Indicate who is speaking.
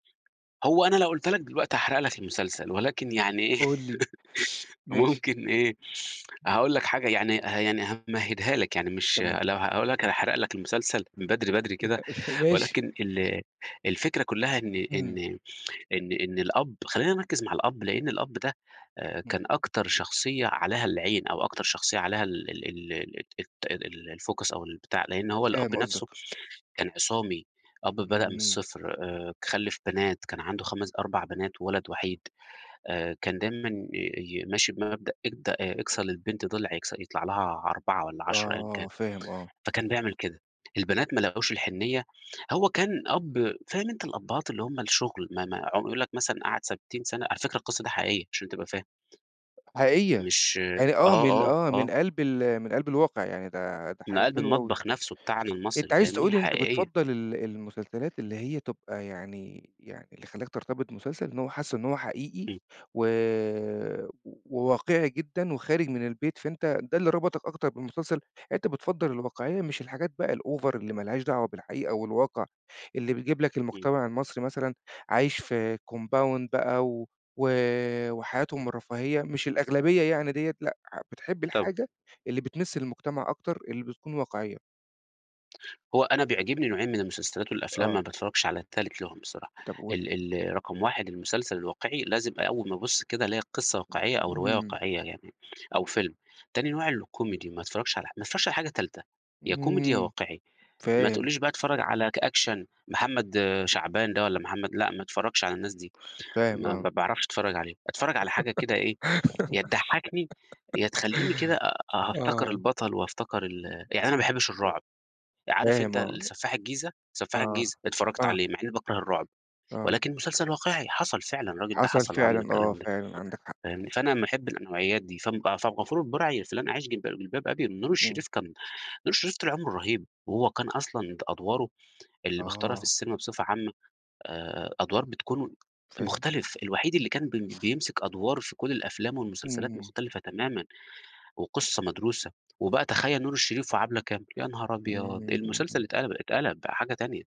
Speaker 1: هو أنا لو قُلتها لك دلوقتي هاحرق لك المسلسل، ولكن يعني إيه
Speaker 2: قل لي، ماشي.
Speaker 1: ممكن إيه، هاقول لك حاجة يعني يعني همهِّدها لك يعني مش
Speaker 2: تمام.
Speaker 1: لو هاقول لك هاحرَق لك المسلسل من بدري، بدري كده،
Speaker 2: ماشي.
Speaker 1: ولكن ال الفكرة كلّها إن إن
Speaker 2: إمم.
Speaker 1: إن إن الأب، خلّينا نركّز مع الأب، لإن الأب ده
Speaker 2: إمم.
Speaker 1: كان أكتر شخصية عليها العين أو أكتر شخصية عليها ال ال ال ال الت الfocus أو البتاع، لإن هو الأب
Speaker 2: فاهم قصدك.
Speaker 1: نفْسه كان عِصامي، أب بدأ من
Speaker 2: إمم.
Speaker 1: الصِّفر، آآ خلِّف بنات، كان عَنده خَمس أربع بنات وولد وحيد آآ، كان دايمًا ي ي ماشي بمبدأ إد أكسَر للبنت ضِلع يكس يطلع لها 4 والّا 10 أيًا كان،
Speaker 2: آه فاهم، آه.
Speaker 1: فكان بيعمل كده، البنات ما لاقوش الحنيّة، هو كان أب فاهم أنت الأبهات اللي هُم الشغل ما ما عم يقول لك مثلًا قَعَد 60 سَنة، على فكرة القِصّة ده حقيقية عشان تبقى فاهم.
Speaker 2: حقيقية،
Speaker 1: مش
Speaker 2: يعني، آه،
Speaker 1: آه،
Speaker 2: من
Speaker 1: آه،
Speaker 2: آه، من
Speaker 1: آه.
Speaker 2: قلْب ال من قلْب الواقع يعني ده ده
Speaker 1: من
Speaker 2: حاجة
Speaker 1: قلْب
Speaker 2: حلوة أوي.
Speaker 1: المطبخ نفْسه بتاعنا
Speaker 2: أنت
Speaker 1: المصري،
Speaker 2: عايز
Speaker 1: فاهمني
Speaker 2: تقول إن أنت
Speaker 1: حقيقية.
Speaker 2: بتفضّل ال المسلسلات اللي هي تبقى يعني يعني اللي خلّاك ترتبط بمسلسل إن هو حاسه إن هو حقيقي
Speaker 1: إمم.
Speaker 2: و وواقعي جدًا وخارج من البيت، فأنت ده اللي ربطك أكتر بالمسلسل، أنت بتفضل الواقعية مش الحاجات بقى الover اللي ما لهاش دعوة بالحقيقة والواقع، اللي بيجيب لك
Speaker 1: إمم.
Speaker 2: المجتمع المصري مثلًا عايش في compound بقى و وحياتهم الرفاهية مش الأغلبية يعني ديّة لأ بتحب
Speaker 1: طب
Speaker 2: الحاجة اللي بتمِس المجتمع أكتر اللي بتكون واقعية.
Speaker 1: هو أنا بيعجبني نوعين من المسلسلات والأفلام
Speaker 2: آه.
Speaker 1: ما باتفرجش على التالت لهم بصراحة،
Speaker 2: طب قل.
Speaker 1: ال ال رقم 1 المسلسل الواقعي، لازم أول ما أبُص كده ألاقي القِصّة واقعية أو الرواية
Speaker 2: إمم.
Speaker 1: واقعية، يعني أو فيلم، تاني نوع الكوميدي ما أتفرّجش على ح ما أتفرّجش على أي حاجة تالتة، يا كوميدي يا
Speaker 2: إمم،
Speaker 1: واقعي ما
Speaker 2: فاهم.
Speaker 1: تقولّيش بقى أتفرّج على ك action محمد شعبان ده والّا محمد، لأ، ما أتفرّجش على الناس دي،
Speaker 2: فاهم،
Speaker 1: ما
Speaker 2: آه.
Speaker 1: ما باعرَفش أتفرّج عليه، أتفرّج على حاجة كده إيه يا تضحّكني يا تخلّيني كده أ أ أفتكِر
Speaker 2: آه
Speaker 1: البطل وأفتكِر ال يعني أنا ما باحبش
Speaker 2: و
Speaker 1: الرعب عارف
Speaker 2: فاهم،
Speaker 1: أنت
Speaker 2: آه.
Speaker 1: ال سفاح الجيزة، سفّاح
Speaker 2: آه،
Speaker 1: الجيزة اتفرّجت
Speaker 2: آه.
Speaker 1: عليه مع إني باكرَه الرُّعب،
Speaker 2: آه.
Speaker 1: ولكن مسلسل واقعي حصَل فعلًا، الراجل ده
Speaker 2: حصل
Speaker 1: حصَل وعمل
Speaker 2: فعلًا، آه،
Speaker 1: الكلام ده،
Speaker 2: فعلًا عندك حق.
Speaker 1: فاهمني، فأنا ما أحبش النوعيات دي فم فعبد الغفور البرعي في "لن اعيش في جلباب أبي" نور
Speaker 2: إمم.
Speaker 1: الشريف كان نور شريف طول عمرُه رهيب وهو كان أصلًا د أدواره. اللي بيختارها في
Speaker 2: آه.
Speaker 1: السينما بصفة عامة. آآ أدوار بتكون
Speaker 2: فاهم.
Speaker 1: مختلِف، الوحيد اللي كان بي بيمسِك أدوار في كل الأفلام
Speaker 2: إمم.
Speaker 1: والمسلسلات
Speaker 2: إمم.
Speaker 1: مختلفة تمامًا وقصة مدروسة وبقى تخيّل نور الشريف وعبلة كامل يا نهار أبيض!
Speaker 2: إمم.
Speaker 1: المسلسل اتقلَب اتقلَب بقى حاجة تانية.